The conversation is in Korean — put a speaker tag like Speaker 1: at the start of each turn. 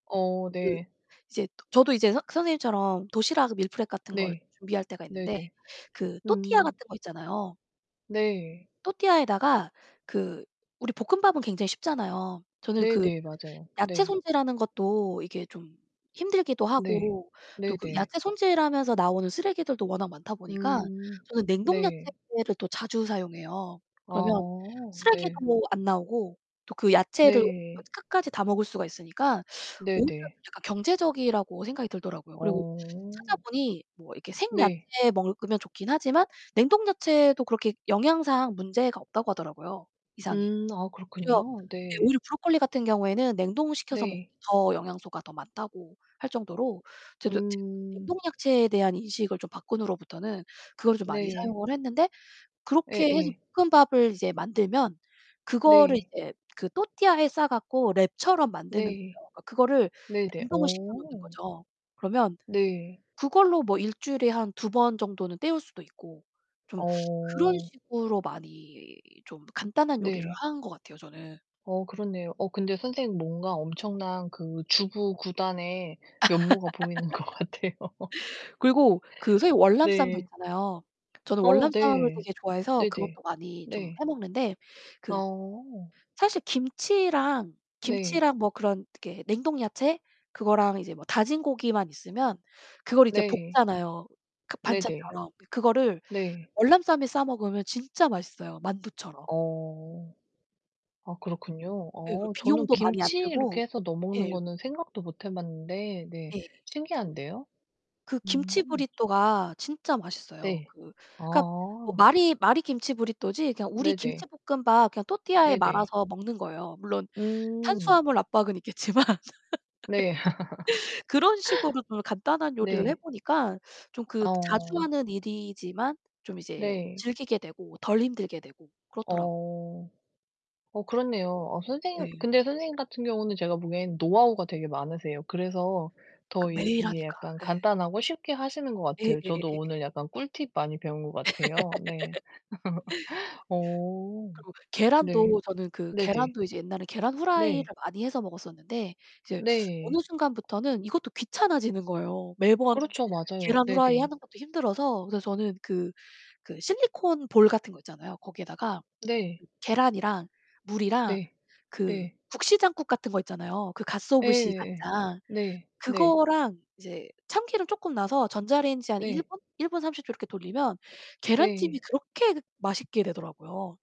Speaker 1: 어,
Speaker 2: 그
Speaker 1: 네.
Speaker 2: 이제 도 저도 이제 선 선생님처럼 도시락 밀프렙 같은 거를
Speaker 1: 네.
Speaker 2: 준비할 때가 있는데
Speaker 1: 네네.
Speaker 2: 그 또르띠아
Speaker 1: 음.
Speaker 2: 같은 거 있잖아요.
Speaker 1: 네.
Speaker 2: 또르띠아에다가 그 우리 볶음밥은 굉장히 쉽잖아요. 저는 그
Speaker 1: 네네. 맞아요.
Speaker 2: 야채
Speaker 1: 네.
Speaker 2: 손질하는 것도 이게 좀 힘들기도
Speaker 1: 네.
Speaker 2: 하고 또 그
Speaker 1: 네네.
Speaker 2: 야채 손질하면서 나오는 쓰레기들도 워낙 많다 보니까
Speaker 1: 음
Speaker 2: 저는 냉동
Speaker 1: 네.
Speaker 2: 야채를 또 자주 사용해요. 그러면
Speaker 1: 아.
Speaker 2: 쓰레기도
Speaker 1: 네.
Speaker 2: 뭐 안 나오고 또 그 야채를 그
Speaker 1: 네.
Speaker 2: 끝까지 다 먹을 수가 있으니까 오히려
Speaker 1: 네네.
Speaker 2: 약간 경제적이라고 생각이 들더라고요. 그리고
Speaker 1: 어.
Speaker 2: 찾아보니 뭐 이렇게
Speaker 1: 네.
Speaker 2: 생야채 먹으면 좋긴 하지만 냉동 야채도 그렇게 영양상 문제가 없다고 하더라고요, 이상이.
Speaker 1: 음 아,
Speaker 2: 그래서
Speaker 1: 그렇군요.
Speaker 2: 이
Speaker 1: 네.
Speaker 2: 오히려 브로콜리 같은 경우에는 냉동을 시켜서 먹는
Speaker 1: 네.
Speaker 2: 더 영양소가 더 많다고 할 정도로 저도 지금 이제
Speaker 1: 음.
Speaker 2: 냉동 야채에 대한 인식을 좀 바꾼 후로부터는 그거를 좀 많이
Speaker 1: 네.
Speaker 2: 사용을 했는데 그렇게 해서
Speaker 1: 예예.
Speaker 2: 볶음밥을 이제 만들면 그거를
Speaker 1: 네.
Speaker 2: 이제 그 또르띠아에 싸 갖고 랩처럼 만드는
Speaker 1: 네.
Speaker 2: 거예요. 그거를
Speaker 1: 네네.
Speaker 2: 냉동을 시켜 놓는
Speaker 1: 어.
Speaker 2: 거죠. 그러면
Speaker 1: 네.
Speaker 2: 그걸로 뭐 1 주일에 한 2 번 정도는 때울 수도 있고 좀 그런
Speaker 1: 어.
Speaker 2: 식으로 많이 좀 간단한 요리를
Speaker 1: 네.
Speaker 2: 하는 것 같아요, 저는.
Speaker 1: 어, 그렇네요. 어, 근데 선생님 뭔가 엄청난 그
Speaker 2: 네.
Speaker 1: 주부구단의 면모가 보이는 것 같아요.
Speaker 2: 그리고 그 새우 월남쌈도
Speaker 1: 네.
Speaker 2: 있잖아요. 저는
Speaker 1: 어,
Speaker 2: 월남쌈을
Speaker 1: 네.
Speaker 2: 되게 좋아해서
Speaker 1: 네네.
Speaker 2: 그것도 많이 좀
Speaker 1: 네.
Speaker 2: 해 먹는데 그
Speaker 1: 어.
Speaker 2: 사실 김치랑,
Speaker 1: 네.
Speaker 2: 김치랑 뭐 그런 이렇게 냉동 야채 그거랑 이제 뭐 다진 고기만 있으면 그걸 이제
Speaker 1: 네.
Speaker 2: 볶잖아요, 그
Speaker 1: 네네.
Speaker 2: 반찬처럼. 그거를
Speaker 1: 네.
Speaker 2: 월남쌈에 싸 먹으면 진짜 맛있어요, 만두처럼.
Speaker 1: 어. 아, 그렇군요.
Speaker 2: 예, 그
Speaker 1: 어, 저는
Speaker 2: 비용도 많이 안
Speaker 1: 김치 이렇게
Speaker 2: 들고.
Speaker 1: 해서 넣어 먹는
Speaker 2: 예.
Speaker 1: 거는 생각도 못 해 봤는데 네
Speaker 2: 예.
Speaker 1: 신기한데요?
Speaker 2: 그 김치
Speaker 1: 음.
Speaker 2: 브리또가 진짜 맛있어요.
Speaker 1: 네.
Speaker 2: 그 그러니까 뭐
Speaker 1: 아.
Speaker 2: 말이 말이 김치 브리또지 그냥 우리
Speaker 1: 네네.
Speaker 2: 김치볶음밥 그냥 또르띠아에
Speaker 1: 네네.
Speaker 2: 말아서 먹는 거예요. 물론
Speaker 1: 음.
Speaker 2: 탄수화물 압박은 있겠지만.
Speaker 1: 네.
Speaker 2: 그런 식으로 좀 간단한 요리를 해
Speaker 1: 네.
Speaker 2: 보니까는 좀 그 그 자주
Speaker 1: 어.
Speaker 2: 하는 일이지만 좀 이제
Speaker 1: 네.
Speaker 2: 즐기게 되고 덜 힘들게 되고 그렇더라고
Speaker 1: 어 어, 그렇네요. 어 선생님
Speaker 2: 네.
Speaker 1: 근데 선생님 같은 경우는 제가 보기엔 노하우가 되게 많으세요. 그래서
Speaker 2: 그
Speaker 1: 더 이
Speaker 2: 매일
Speaker 1: 이게
Speaker 2: 하니까.
Speaker 1: 약간
Speaker 2: 예.
Speaker 1: 간단하고 쉽게 하시는 것
Speaker 2: 예,
Speaker 1: 같아요. 저도
Speaker 2: 예예예예.
Speaker 1: 오늘 약간 꿀팁 많이 배운 것 같아요. 네. 어.
Speaker 2: 그리고
Speaker 1: 네.
Speaker 2: 계란도 저는 그
Speaker 1: 네네.
Speaker 2: 계란도 이제 옛날에 계란 프라이를
Speaker 1: 네.
Speaker 2: 많이 해서 먹었었는데 이제 어느
Speaker 1: 네.
Speaker 2: 순간부터는 이것도 귀찮아지는 거예요. 매번
Speaker 1: 그렇죠. 맞아요.
Speaker 2: 계란 후라이
Speaker 1: 네네.
Speaker 2: 하는 것도 힘들어서. 그래서 저는 그 그 실리콘 볼 같은 거 있잖아요. 거기에다가
Speaker 1: 네.
Speaker 2: 계란이랑 물이랑
Speaker 1: 네,
Speaker 2: 그
Speaker 1: 네.
Speaker 2: 국시장국 같은 거 있잖아요. 그 가쓰오부시
Speaker 1: 예예예.
Speaker 2: 간장.
Speaker 1: 네, 네.
Speaker 2: 그거랑 이제 참기름 조금 넣어서 전자레인지에 한 1
Speaker 1: 네.
Speaker 2: 분? 1 분 30초 이렇게 돌리면 계란찜이
Speaker 1: 네.
Speaker 2: 그렇게 그 맛있게 되더라고요.